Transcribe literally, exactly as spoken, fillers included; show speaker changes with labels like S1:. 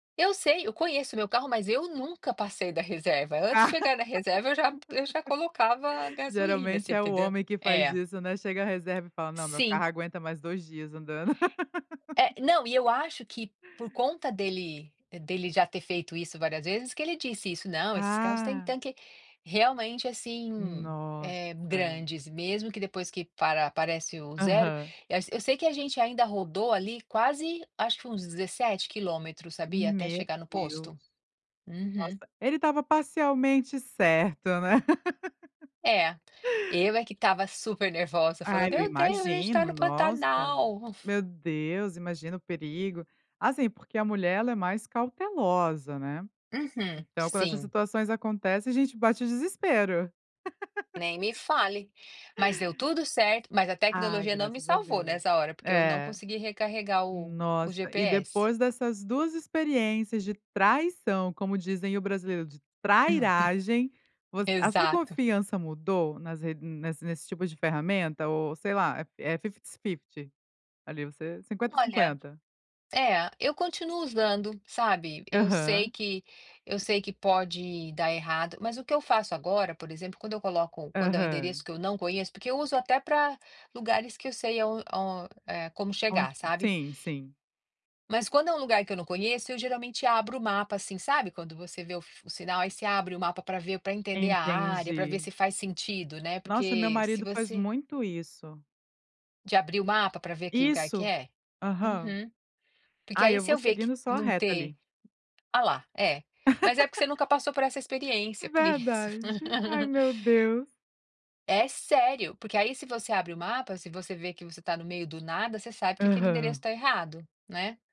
S1: Eu sei, eu conheço o meu carro, mas eu nunca passei da reserva. Antes de chegar na reserva, eu já eu já colocava gasolina, você
S2: Geralmente é o
S1: entendeu?
S2: homem que faz
S1: É.
S2: isso, né, chega a reserva e fala: "Não, meu carro
S1: Sim.
S2: aguenta mais dois dias andando".
S1: É, não, e eu acho que por conta dele dele já ter feito isso várias vezes, que ele disse isso: "Não, esses carros têm
S2: Ah.
S1: tanque realmente assim, eh,
S2: Nossa!
S1: grandes, mesmo que, depois que para aparece o zero."
S2: Aham.
S1: E eu sei que a gente ainda rodou ali quase, acho que foi uns dezessete quilômetros, sabia, até
S2: Meu
S1: chegar no
S2: Deus!
S1: posto? Uhum.
S2: Nossa, ele estava parcialmente certo, né?
S1: É, eu é que estava supernervosa falando:
S2: Ai, eu
S1: "Meu Deus, a gente está
S2: imagino,
S1: no
S2: nossa.
S1: Pantanal".
S2: Meu Deus, imagina o perigo. Assim, porque a mulher ela é mais cautelosa, né?
S1: Uhum.
S2: Então quando essas
S1: Sim.
S2: situações acontecem a gente bate o desespero.
S1: Nem me fale. Mas deu tudo certo, mas a
S2: Ai,
S1: tecnologia não me
S2: graças a
S1: salvou
S2: Deus.
S1: nessa hora, porque eu não
S2: É.
S1: consegui recarregar o o
S2: Nossa, e
S1: GPS.
S2: depois dessas duas experiências de traição, como dizem o brasileiro: "De 'trairagem'", voc a sua
S1: Exato.
S2: confiança mudou nas re nas nessa nesse tipo de ferramenta? Ou, sei lá, é é fifties fifty, ali você cinquenta,
S1: Olha,
S2: cinquenta?
S1: é, eu continuo usando, sabe? Eu sei
S2: Aham.
S1: que eu sei que pode dar errado, mas o que eu faço agora, por exemplo, quando eu coloco quando é um endereço
S2: Aham.
S1: que eu não conheço porque eu uso até para lugares que eu sei aon on eh, como
S2: O
S1: chegar, sabe?
S2: sim, sim.
S1: Mas quando é um lugar que eu não conheço, eu geralmente abro o mapa assim, sabe quando você vê o f o sinal, aí você abre o mapa para ver, para entender a área, para ver
S2: Entendi.
S1: se faz sentido, né,
S2: Nossa, meu
S1: porque se
S2: marido faz
S1: você
S2: muito isso.
S1: De abrir o mapa para ver que lugar que
S2: Isso.
S1: é?
S2: Aham.
S1: Uhum. Porque
S2: Ai,
S1: aí
S2: eu
S1: se
S2: vou
S1: eu ver que
S2: seguindo só a
S1: não
S2: reto
S1: ter
S2: ali.
S1: Olha lá, é. Mas é porque você nunca passou por essa experiência, é por isso.
S2: Verdade. Ai, meu Deus.
S1: É sério, porque aí se você abre o mapa, se você vê que você está no meio do nada, você sabe que aquele endereço
S2: Aham.
S1: está errado, né?